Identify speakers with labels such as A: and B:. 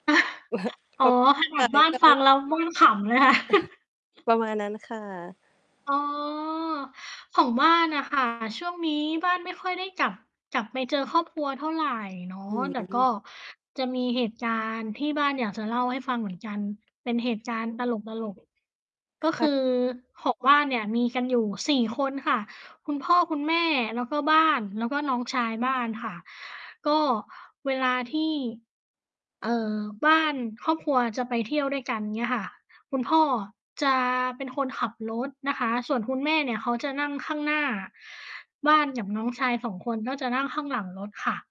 A: อ๋อ
B: [unintelligible]
A: ขน
B: ใ
A: า
B: ช่
A: ดบ้าน
B: ก็เ
A: ฟ
B: ล
A: ั
B: ย
A: ง
B: แบบ
A: แล้วบ้านขำเลยค่ะ
B: ประมาณนั้นค่ะ
A: อ๋อ ของบ้านน่ะ ค่ะ ช่วงนี้บ้านไม่ค่อยได้กลับ กลับไปเจอครอบครัวเท่าไรเนาะ
B: อื
A: แต่ก
B: ม
A: ็จะมีเหตุการณ์ที่บ้านอยากจะเล่าให้ฟังเหมือนกันเป็นเหตุการณ์ตลก ๆ ก็
B: ค
A: ค
B: ่ะ
A: ือของบ้านเนี่ยมีกันอยู่ 4 คนค่ะ คุณพ่อคุณแม่ แล้วก็บ้าน แล้วก็น้องชายบ้านค่ะ ก็เวลาที่ เอ่อ บ้าน ครอบครัวจะไปเที่ยวด้วยกันเงี้ยค่ะ คุณพ่อจะเป็นคนขับรถนะคะ ส่วนคุณแม่เนี่ยเขาจะนั่งข้างหน้า บ้านกับน้องชาย 2 คนก็จะนั่งข้างหลังรถค่ะ